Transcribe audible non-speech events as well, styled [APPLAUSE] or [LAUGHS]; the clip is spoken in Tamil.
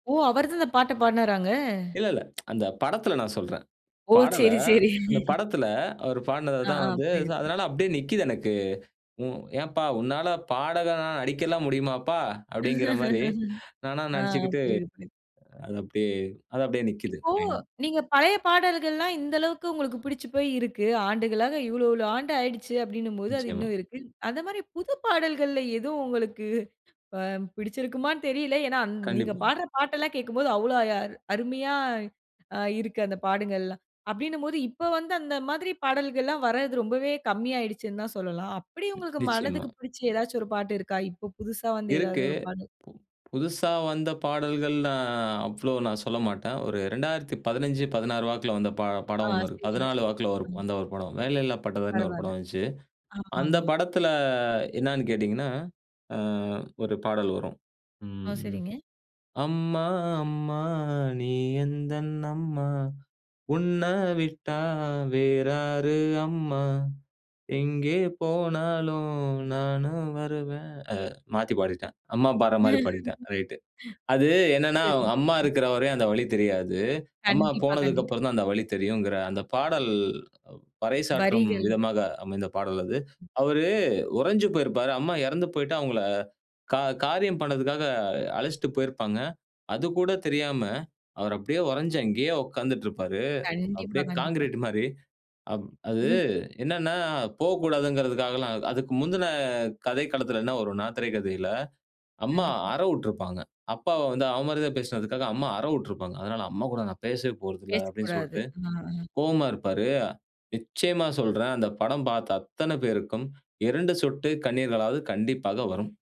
ஓ! அவரு தான் இந்த பாட்ட பாடுனாராங்க? இல்ல, இல்ல. [TSK] அந்த படத்துல நான் சொல்றேன். ஓ! பாடல, சேரி, சேரி. அந்த படத்துல அவர் ஆ. பாடுனதுதான் ஆ. வந்து புரியுது, புரியுது. அதனால அப்படியே நிக்குது எனக்கு. உ ஏன்பா உன்னால பாடகணா நடிக்கலாம் முடியுமாப்பா? அப்படிங்கிற மாரி [LAUGHS] நானா ஆ நடிச்சுக்கிட்டு புரியுது, புரியது. அது அப்படியே அது அப்படியே நிக்குது இப்போ மைண்ட்ல. நீங்க பழைய பாடல்கள்லாம் இந்த அளவுக்கு உங்களுக்கு பிடுச்சு போய் இருக்கு. ஆண்டுகளாக இவ்வளவு இவ்வளவு ஆண்டு ஆயிடுச்சு அப்படினும் போது அது நிச்சயமா. இன்னும் இருக்கு. அந்த மாரி புது பாடல்களிலே எது உங்களுக்கு அ பிடிச்சுயிருக்குமான்னு தெரில. ஏன்னா அந் நீங்க கண்டிப்பா. பாடற பாட்டு எல்லாம் கேட்கும்போது அவ்ளோ அ அருமையா அ இருக்கு. அந்த பாடல்கள்லாம். அப்பிடின்னு போது இப்போ வந்து அந்த மாதிரி பாடல்கள்லாம் வரது ரொம்பவே கம்மி ஆயிடுச்சுன்னு தான் சொல்லலாம். அப்படி உங்களுக்கு நிச்சயமா. மனதுக்கு பிடிச்சு ஏதாச்சும் ஒரு பாட்டு இருக்கா? இப்போ புதுசா வந்த ஏதாவது இருக்கு. ஒரு பாடல்? புது புதுசா வந்த பாடல்கள் நான் அவ்ளோ நான் சொல்ல மாட்டேன். ஒரு 2015 16 வாக்கில வந்த ப ஆ. படம் ஒண்ணு இருக்கு. சரிங்க, 14 சரிங்க. வாக்கில ஒரு ம். வந்த ஒரு படம். "வேலையில்லா பட்டதாரினு" ஒரு பரவால. படம் வந்துச்சு. அந்த ஆமாமா. படத்துல என்னான்னு கேட்டீங்கன்னா, ஆ ஒரு பாடல் வரும். ஆ ம் சரிங்க. "அம்மா அம்மா நீ எந்தன் அம்மா, உன்னை விட்டா வேறாரு அம்மா. எங்கே போனாலும் நானும் வருவேன். அ மாத்தி பாடிட்டேன். அம்மா பாடுற மாதிரி பாடிட்டேன். ரைட்டு. அது [LAUGHS] என்னன்னா, சரிங்க. அம்மா ம் இருக்கிறவரையும் அந்த வழி தெரியாது. அம்மா கண்டிப்பா, போனதுக்கு கண்டிப்பா. அப்புறம் தான் அந்த வழி தெரியும்ங்கிற அந்த பாடல் பறைசாற்றும் வரிகள். விதமாக அமைந்த பாடல் அது. அவரு உறைஞ்சு போயிருப்பாரு. அம்மா இறந்து போயிட்டு அவங்கள கா காரியம் பண்ணதுக்காக, அழைச்சிட்டு போயிருப்பாங்க. அது கூட தெரியாம அவர் அப்படியே உறுஞ்சு அங்கேயே உக்காந்துட்டு இருப்பாரு. கண்டிப்பா, அப்படியே கண்டிப்பா. கான்கிரீட் மாரி, அப் அது [LAUGHS] என்னனா, போகக்கூடாதுங்கறதுக்காகலாம் அதுக்கு முந்தின கதைக்களத்தில என்ன வரும்னா? திரைக்கதையில, அம்மா கண்டிப்பா. அற விட்டுருப்பாங்க. அப்பாவ வந்து அவ மரியாதையா பேசினதுக்காக அம்மா அற விட்டுருப்பாங்க. அதனால அம்மா கூட நான் பேசவே போறதில்லனு பேசக்கூடாது சொல்ட்டு ஆ அ. கோவமா இருப்பாரு. நிச்சயமா சொல்றேன். அந்த படம் பார்த்த அத்தன பேருக்கும் 2 சொட்டு கண்ணீர்களாவது கண்டிப்பாக வரும்.